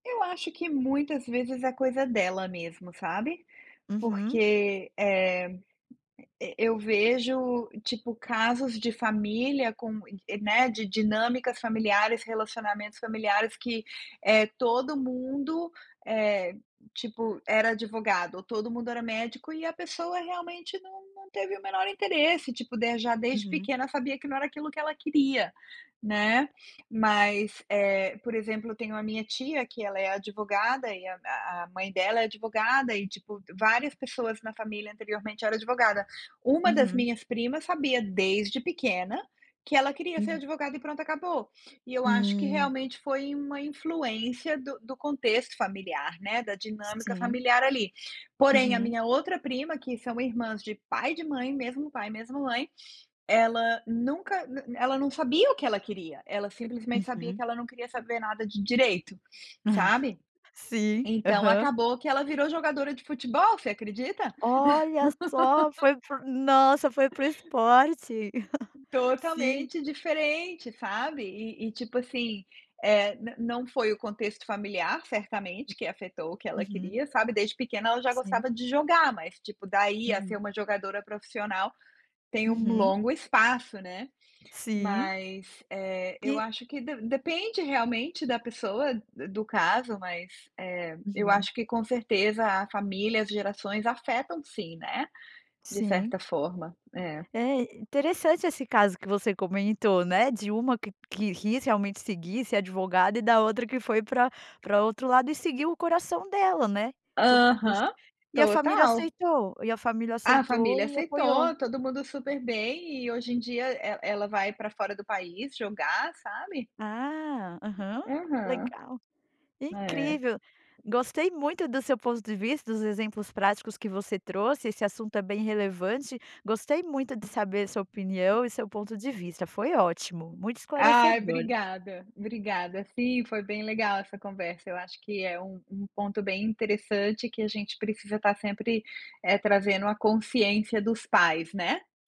Eu acho que muitas vezes é coisa dela mesmo, sabe, Uhum. porque, eh, eu vejo tipo casos de família com, né, de dinâmicas familiares, relacionamentos familiares que eh todo mundo, eh, tipo era advogado ou todo mundo era médico e a pessoa realmente não não teve o menor interesse, tipo de já desde Uhum. pequena sabia que não era aquilo que ela queria, né, mas, eh, por exemplo eu tenho a minha tia que ela é advogada e a a mãe dela é advogada e tipo, várias pessoas na família anteriormente era advogada, uma das Uhum. minhas primas sabia desde pequena que ela queria ser Uhum. advogada e pronto acabou, e eu acho que Hum. realmente foi uma influência do do contexto familiar, né, da dinâmica Sim. familiar ali, porém a Uhum. minha outra prima que são irmãs de pai de mãe mesmo pai mesmo mãe ela nunca na na ela não sabia o que ela queria, ela simplesmente sabia que Uhum. ela não queria saber nada de direito, sabe, Sim, então aham. acabou que ela virou jogadora de futebol, você acredita? Olha só, foi fo nossa, foi para o esporte, sim. Totalmente diferente sabe, e e tipo assim, eh, na não foi o contexto familiar certamente que afetou o que ela Uhum. queria sabe, desde pequena ela já Sim. gostava de jogar, mas tipo daí a ser Uhum. uma jogadora profissional tem um Uhum. longo espaço, né, Sim. mas, eh, eu Que? acho que de depende realmente da pessoa do do caso, mas, eh, eu Uhum. acho que com certeza a família, as gerações afetam sim, né, de Sim. certa forma, é. É interessante esse caso que você comentou, né, de uma que que quis realmente seguir, ser advogada e da outra que foi para para outro lado, e seguiu o coração dela, né, tudo, [unintelligible] Aham, e a família total. aceitou, e a família A aceitou família e apoiou. aceitou, todo mundo super bem e hoje em dia ela ela vai para fora do país jogar, sabe. Ah, aham, Uhum. legal, É. incrível, gostei muito do seu ponto de vista, dos exemplos práticos que você trouxe, esse assunto é bem relevante, gostei muito de saber sua opinião e seu ponto de vista, foi ótimo, muito Ai esclarecedor. obrigada, obrigada, sim foi bem legal essa conversa, eu acho que é um um ponto bem interessante que a gente precisa estar sempre, eh, trazendo a consciência dos pais, né.